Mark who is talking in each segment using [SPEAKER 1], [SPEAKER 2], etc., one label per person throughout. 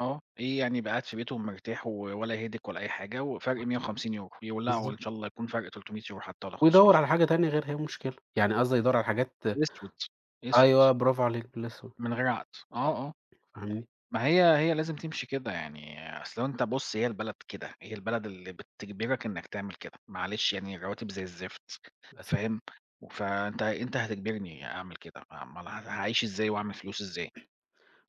[SPEAKER 1] آه، إيه يعني يبقى قاعد في بيتهم ومرتاح و ولا headache ولا أي حاجة، وفرق
[SPEAKER 2] صح.
[SPEAKER 1] 150€، يولعوا
[SPEAKER 2] بالضبط.
[SPEAKER 1] إن شاء الله يكون فرق 300€ حتّى والَّا 500 ي
[SPEAKER 2] ويدوّر على حاجة تانية غيرها، إيه المشكلة؟ يعني قصدي يدوّر على حاجات
[SPEAKER 1] أسود، أسود.
[SPEAKER 2] أيوه، برافو عليك، الإسود.
[SPEAKER 1] من غير عقد. آه، آه،
[SPEAKER 2] فاهمني؟
[SPEAKER 1] ما هي هي لازم تمشي كده يعني، أصل لو أنت بُصّ هي البلد كده، هي البلد اللي بتجبرك إنك تعمل كده، معلش يعني الرواتب زي الزفت،
[SPEAKER 2] للأسف.
[SPEAKER 1] فاهم، فأنت أنت هتجبرني أعمل كده، ما امّال ل هاعيش إزاي، وأعمل فلوس إزاي؟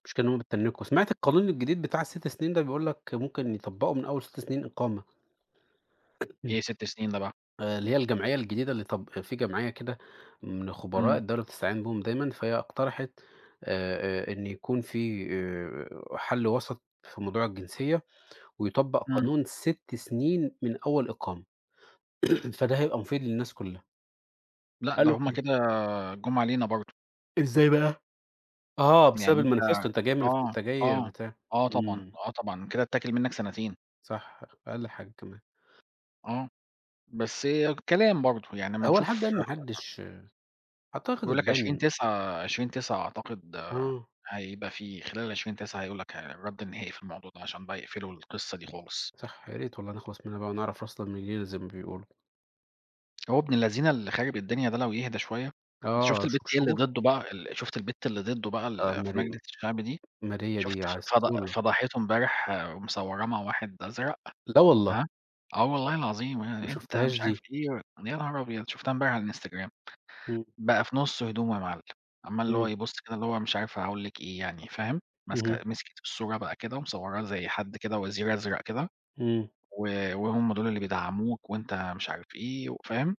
[SPEAKER 2] المشكلة إن هُم بيتتنّكوا. سمعت القانون الجديد بتاع ال6 سنين ده بيقولك ممكن يطبقوا من أول 6 سنين إقامة. إمم.
[SPEAKER 1] إيه 6 سنين ده بقى؟
[SPEAKER 2] آآ اللي هي الجمعية الجديدة اللي طب في جمعية كده من خبراء
[SPEAKER 1] إمم.
[SPEAKER 2] الدولة بتستعين بيهم دايمًا، فهي اقترحت آآ، آآ إن يكون في آآ، حل وسط في موضوع الجنسية، ويطبق
[SPEAKER 1] إمم.
[SPEAKER 2] قانون 6 سنين من أول إقامة، فده هيبقى مفيد للناس كلّها.
[SPEAKER 1] لأ، ده
[SPEAKER 2] قالوا
[SPEAKER 1] هُم
[SPEAKER 2] أوكي.
[SPEAKER 1] كده جُم علينا برضه.
[SPEAKER 2] إزاي بقى؟ آه،
[SPEAKER 1] يعني
[SPEAKER 2] بسبب الmanifesto،
[SPEAKER 1] أنت
[SPEAKER 2] أنت جاي من
[SPEAKER 1] آه،
[SPEAKER 2] أنت جاي
[SPEAKER 1] آه،
[SPEAKER 2] بتاع.
[SPEAKER 1] آه طبعًا،
[SPEAKER 2] إمم.
[SPEAKER 1] آه طبعًا، كده اتّاكل منك سنتين.
[SPEAKER 2] صح، أقل حاجة كمان.
[SPEAKER 1] آه، بس هي كلام برضه، يعني أمّا
[SPEAKER 2] هو لحد
[SPEAKER 1] نشوف
[SPEAKER 2] الآن ما
[SPEAKER 1] [unintelligible]
[SPEAKER 2] حّدش اعتقد
[SPEAKER 1] بيقول لك عشرين
[SPEAKER 2] هتبان
[SPEAKER 1] تسعة، عشرين تسعة أعتقد
[SPEAKER 2] آه.
[SPEAKER 1] هيبقى فيه، خلال 20/9 هيقول لك ه الرد النهائي في الموضوع ده عشان بقى يقفلوا القصّة دي خالص.
[SPEAKER 2] صح، يا ريت والله نخلص منها بقى، ونعرف راسنا من رجلينا زي ما بيقولوا.
[SPEAKER 1] هو ابن اللذينة اللي خارب الدنيا ده لو يهدى شوية، أنت
[SPEAKER 2] آه،
[SPEAKER 1] شُفت
[SPEAKER 2] شه
[SPEAKER 1] البت هي اللي
[SPEAKER 2] شهور.
[SPEAKER 1] ضده بقى ال شُفت البت اللي ضده بقى
[SPEAKER 2] آه،
[SPEAKER 1] اللي في
[SPEAKER 2] ماري
[SPEAKER 1] مجلس الشعب دي؟
[SPEAKER 2] ماريا
[SPEAKER 1] شُفت
[SPEAKER 2] ديّة
[SPEAKER 1] ف فض
[SPEAKER 2] عسولة.
[SPEAKER 1] فضحته امبارح ومصوّراه مع واحد أزرق؟
[SPEAKER 2] لا والله.
[SPEAKER 1] هاه، آه والله العظيم،
[SPEAKER 2] ما
[SPEAKER 1] آآ أنت
[SPEAKER 2] شُفتهاش
[SPEAKER 1] مش عارف
[SPEAKER 2] دي.
[SPEAKER 1] إيه، يا نهار أبيض! شُفتها امبارح على الInstagram.
[SPEAKER 2] إمم.
[SPEAKER 1] بقى في نُصّ هدومه يا معلّم، عمّال اللي هو
[SPEAKER 2] إمم.
[SPEAKER 1] يبُصّ كده اللي هو مش عارف أقول لِك إيه يعني، فاهم؟ ماسكة
[SPEAKER 2] اهم.
[SPEAKER 1] مسكِت في الصورة بقى كده ومصوّراه زي حد كده وزير أزرق كده،
[SPEAKER 2] إمم.
[SPEAKER 1] و وهُم دُول اللي بيدعّموك، وأنت مش عارف إيه، وفاهم؟